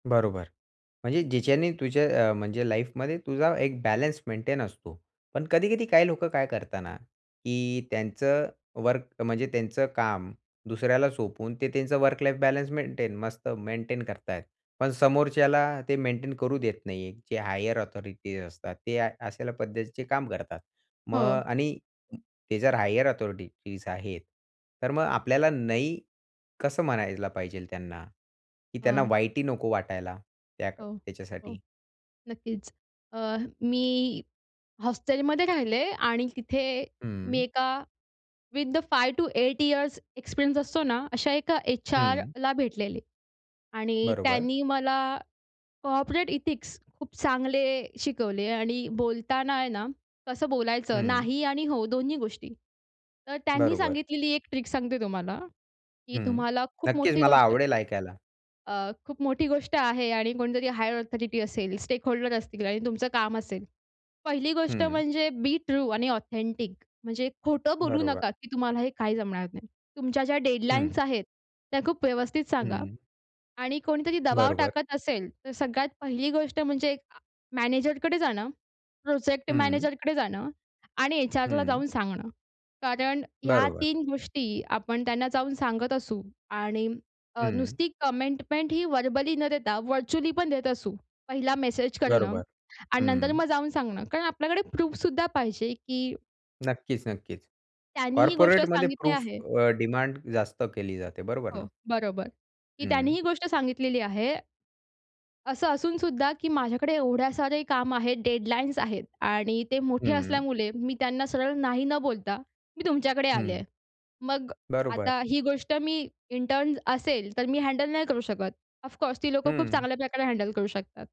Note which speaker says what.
Speaker 1: बरोबर. म्हणजे ज्याच्याने तुझ्या अ, म्हणजे लाईफमध्ये तुझा एक बॅलन्स मेंटेन असतो. पण कधी-कधी काही लोकं काय करतात ना, की त्यांचं वर्क म्हणजे त्यांचं काम दुसऱ्याला सोपवून ते त्यांचं वर्क लाईफ बॅलन्स मेंटेन मस्त मेंटेन करतायत. पण समोरच्याला ते मेंटेन करू देत नाही. जे हायर अथॉरिटीज असतात. ते अशा पद्धतीचे काम करतात.
Speaker 2: हो.
Speaker 1: मग आणि ते जर हायर अथॉरिटीज आहेत, तर मग आपल्याला नाही कसं म्हणायला पाहिजे त्यांना, की त्यांना
Speaker 2: हां.
Speaker 1: वाईटही नको वाटायला त्या
Speaker 2: हो. हो.
Speaker 1: त्याच्यासाठी?
Speaker 2: नक्कीच. अ, मी हॉस्टेलमध्ये राहिले आणि तिथे मी
Speaker 1: हं.
Speaker 2: एका with the 5 to 8 years experience असतो ना, अशा एका
Speaker 1: हं.
Speaker 2: एचआरला भेटलेले आणि
Speaker 1: बरोबर.
Speaker 2: त्यांनी मला कॉर्पोरेट एथिक्स खूप चांगले शिकवले आणि बोलताना आहे ना, कसं बोलायचं?
Speaker 1: हं.
Speaker 2: नाही आणि हो दोन्ही गोष्टी. तर त्यांनी
Speaker 1: बरोबर.
Speaker 2: सांगितलेली एक ट्रिक सांगते तुम्हाला, की
Speaker 1: हं.
Speaker 2: तुम्हाला खूप
Speaker 1: नक्कीच
Speaker 2: मोठी
Speaker 1: मला
Speaker 2: गोष्ट
Speaker 1: आवडेल ऐकायला.
Speaker 2: अ, खूप मोठी गोष्ट आहे आणि कोणीतरी हायर अथॉरिटी असेल, स्टेकहोल्डर असतील आणि तुमचं काम असेल. पहिली गोष्ट
Speaker 1: हं.
Speaker 2: म्हणजे बी ट्रू आणि ऑथेंटिक म्हणजे खोटं बोलू
Speaker 1: बरोबर.
Speaker 2: नका, की तुम्हाला हे काही जमणार नाही. तुमच्या ज्या
Speaker 1: हं.
Speaker 2: डेडलाईन्स आहेत त्या खूप व्यवस्थित सांगा.
Speaker 1: हं.
Speaker 2: आणि कोणीतरी दबाव
Speaker 1: बरोबर.
Speaker 2: टाकत असेल, तर सगळ्यात पहिली गोष्ट म्हणजे अ, मॅनेजरकडे जाणं. प्रोजेक्ट
Speaker 1: हं.
Speaker 2: मॅनेजरकडे जाणं आणि एचआरला
Speaker 1: हं.
Speaker 2: जाऊन सांगणं. कारण ह्या
Speaker 1: बरोबर.
Speaker 2: 3 गोष्टी आपण त्यांना जाऊन सांगत असू आणि अ,
Speaker 1: हं.
Speaker 2: नुसती कमिटमेंट ही व्हर्बली न देता व्हर्चुअली पण देत असू, पहिला मेसेज करणं
Speaker 1: बरोबर.
Speaker 2: आणि नंतर
Speaker 1: हं.
Speaker 2: मग जाऊन सांगणं. कारण आपल्याकडे प्रूफ सुद्धा पाहिजे की
Speaker 1: नक्कीच, नक्कीच.
Speaker 2: त्यांनी ही गोष्ट
Speaker 1: कॉर्पोरेटमध्ये
Speaker 2: सांगितली
Speaker 1: प्रूफ
Speaker 2: आहे.
Speaker 1: अ, डिमांड जास्त केली जाते. बरोबर ना?
Speaker 2: हो, बरोबर. की त्यांनी
Speaker 1: हं.
Speaker 2: ही गोष्ट सांगितलेली आहे. असं असून सुद्धा की माझ्याकडे एवढे सारे काम आहेत, डेडलाईन्स आहेत आणि ते मोठे
Speaker 1: हं.
Speaker 2: असल्यामुळे मी त्यांना सरळ नाही न बोलता, मी तुमच्याकडे आले
Speaker 1: हं.
Speaker 2: आहे. मग
Speaker 1: बरोबर.
Speaker 2: आता ही गोष्ट मी इंटर्न्स असेल तर मी हँडल नाही करू शकत. ऑफकोर्स ती लोकं खूप
Speaker 1: हं.
Speaker 2: चांगल्या प्रकारे हँडल करू शकतात.